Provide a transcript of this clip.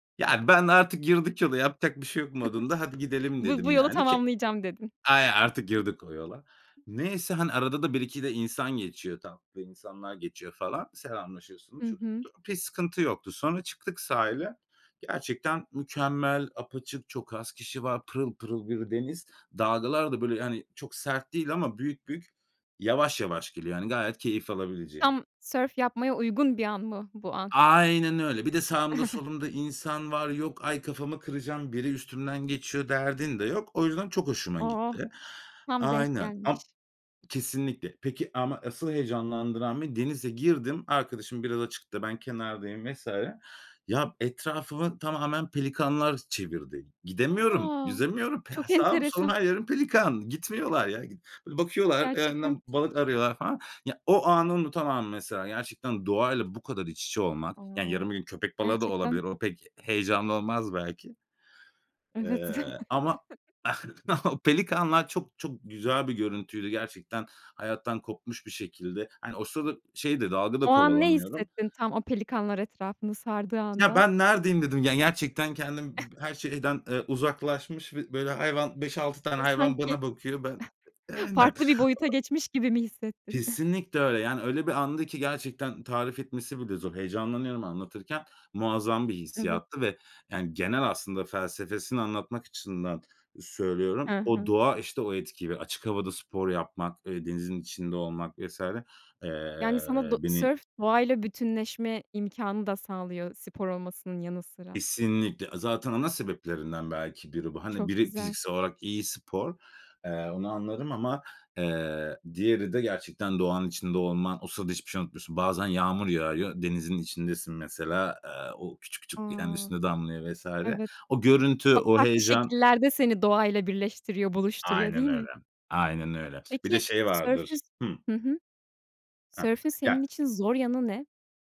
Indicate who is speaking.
Speaker 1: Yani, ben artık girdik yola yapacak bir şey yok modunda, "Hadi gidelim."
Speaker 2: Bu
Speaker 1: dedim,
Speaker 2: bu yolu
Speaker 1: yani, ki
Speaker 2: tamamlayacağım dedin.
Speaker 1: aynen artık girdik o yola. Neyse, hani, arada da 1-2 de insan geçiyor. Tatlı insanlar geçiyor falan. Selamlaşıyorsun,
Speaker 2: Hı
Speaker 1: şudur
Speaker 2: hı.
Speaker 1: budur. Okay, sıkıntı yoktu. Sonra çıktık sahile. Gerçekten mükemmel, apaçık, çok az kişi var. Pırıl pırıl bir deniz. Dalgalar da, böyle, hani, çok sert değil ama büyük büyük, yavaş yavaş geliyor. Hani, gayet keyif alabileceğin.
Speaker 2: Tam sörf yapmaya uygun bir an mı bu an?
Speaker 1: Aynen öyle. Bir de sağımda, solumda insan var. Yok, ay kafamı kıracağım. Biri üstümden geçiyor derdin de yok. O yüzden, çok hoşuma
Speaker 2: Oh!
Speaker 1: gitti.
Speaker 2: Tam denk
Speaker 1: Aynen am
Speaker 2: gelmiş.
Speaker 1: kesinlikle. Peki ama asıl heyecanlandıran beni, denize girdim. Arkadaşım biraz açıkta ben kenardayım vs. ya, etrafımı tamamen pelikanlar çevirdi. G gidemiyorum.
Speaker 2: A!
Speaker 1: Yüzemiyorum. Pe ha
Speaker 2: Çok
Speaker 1: sağım, solum,
Speaker 2: enteresan.
Speaker 1: her yerim pelikan. Gitmiyorlar ya g bakıyorlar
Speaker 2: Gerçekten
Speaker 1: [unintelligible] balık arıyorlar falan. Ya, o anı unutamam mesela. Gerçekten doğayla bu kadar iç içe olmak.
Speaker 2: A!
Speaker 1: Yani, yarın bir gün köpek balığı da
Speaker 2: Gerçekten
Speaker 1: olabilir. O pek heyecanlı olmaz belki.
Speaker 2: Evet.
Speaker 1: Eee, ama o pelikanlar çok, çok güzel bir görüntüydü gerçekten. Hayattan kopmuş bir şekilde. Hani, o sırada şey de dalga da
Speaker 2: O an ne
Speaker 1: kovalamıyorum.
Speaker 2: hissettin tam o pelikanlar etrafını sardığı
Speaker 1: Ya,
Speaker 2: anda?
Speaker 1: ben neredeyim, dedim. Yani, gerçekten kendim b her şeyden, eee, uzaklaşmış ve böyle, hayvan 5-6 tane
Speaker 2: Ve
Speaker 1: hayvan
Speaker 2: sanki
Speaker 1: bana bakıyor. Ben aynen.
Speaker 2: farklı bir boyuta
Speaker 1: O
Speaker 2: geçmiş gibi mi hissettin?
Speaker 1: Kesinlikle öyle. Yani, öyle bir andı ki gerçekten tarif etmesi bile zor. Heyecanlanıyorum anlatırken. Muazzam bir
Speaker 2: Evet.
Speaker 1: hissiyattı ve, yani, genel aslında felsefesini anlatmak açısından, eee,
Speaker 2: He
Speaker 1: söylüyorum o
Speaker 2: he.
Speaker 1: doğa, işte, o etkiyi ve açık havada spor yapmak, eee, denizin içinde olmak vs. eee,
Speaker 2: Yani, sana do
Speaker 1: beni
Speaker 2: sörf doğayla bütünleşme imkânı da sağlıyor, spor olmasının yanı sıra.
Speaker 1: Kesinlikle. Aaa, zaten ana sebeplerinden belki biri bu. Hani,
Speaker 2: Çok
Speaker 1: biri
Speaker 2: güzel.
Speaker 1: fiziksel olarak iyi spor. Eee, onu anlarım ama, eee, diğeri de gerçekten doğanın içinde olman. O sırada hiçbir şey unutmuyorsun. Bazen yağmur yağıyor. Denizin içindesin mesela. Eee, o küçük küçük kendi
Speaker 2: A!
Speaker 1: üstüne damlıyor vs.
Speaker 2: Evet,
Speaker 1: O görüntü
Speaker 2: çok
Speaker 1: o
Speaker 2: farklı
Speaker 1: heyecan.
Speaker 2: şekillerde seni doğayla birleştiriyor, buluşturuyor
Speaker 1: Aynen
Speaker 2: değil
Speaker 1: öyle.
Speaker 2: mi?
Speaker 1: Aynen öyle. Bir de
Speaker 2: Peki,
Speaker 1: şey vardır.
Speaker 2: sörfün
Speaker 1: Hıh.
Speaker 2: hı hı.
Speaker 1: Hah.
Speaker 2: Sörfün
Speaker 1: Ya
Speaker 2: senin için zor yanı ne?